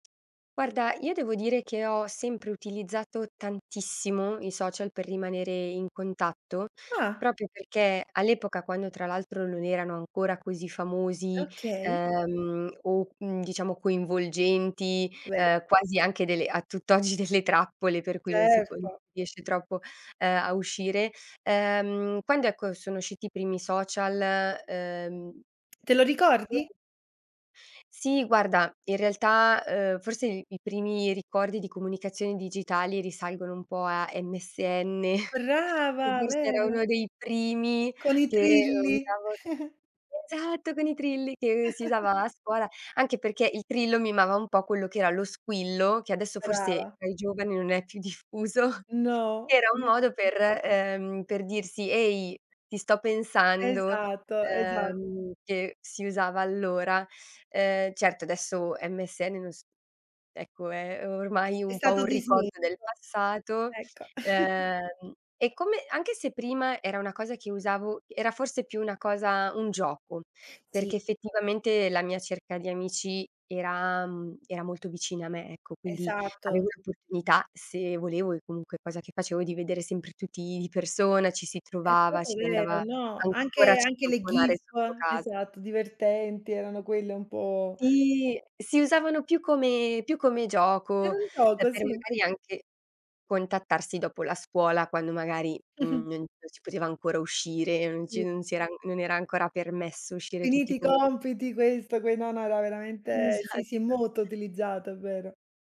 Guarda, io devo dire che ho sempre utilizzato tantissimo i social per rimanere in contatto, Ah. proprio perché all'epoca, quando tra l'altro non erano ancora così famosi, Okay. ehm, o, uhm, diciamo coinvolgenti, Vero. ehm, quasi anche delle a tutt'oggi delle trappole per cui non si può si Certo. riesce troppo, ehm, a uscire. Ehm, quando, ecco, sono usciti i primi social, ehm... Te lo ricordi? [unintelligible] Sì guarda, in realtà, uhm, forse il i primi ricordi di comunicazione digitali risalgono un po' a MSN, che Brava, forse era vero. uno dei primi Con i che u trilli. usavo esatto, con i trilli che si usava a scuola, anche perché il trillo mimava un po' quello che era lo squillo, che adesso forse Brava. tra i giovani non è più diffuso, No. che era un modo [unintelligible] per ehm, per dirsi: "Ehi, ti sto pensando," Esatto, esatto. uhm, che si usava allora. Uhm, certo adesso MSN non s ecco, è o ormai È un po' stato un dismesso. ricordo del passato; Ecco. uhm, e come anche se prima era una cosa che usavo era forse più una cosa un gioco, Sì. perché effettivamente la mia cerca di amici era mhmm, era molto vicina a me, ecco, quindi Esatto. avevo l'opportunità se volevo, e comunque cosa che facevo, di vedere sempre tutti di persona, ci si È trovava, proprio si vero. andava No, ancora a anche anche le citofonare gif. sotto casa. Esatto, divertenti, erano quelle un po' Sì, si usavano più come più come Era gioco, un e gioco, per sì. magari anche contattarsi dopo la scuola quando magari, mhmm, non non si poteva ancora uscire, non Sì. si non si era non era ancora permesso uscire tutti Finiti i i pome compiti, questo, que no, no era veramente sì, sì, Esatto. molto utilizzato, è vero.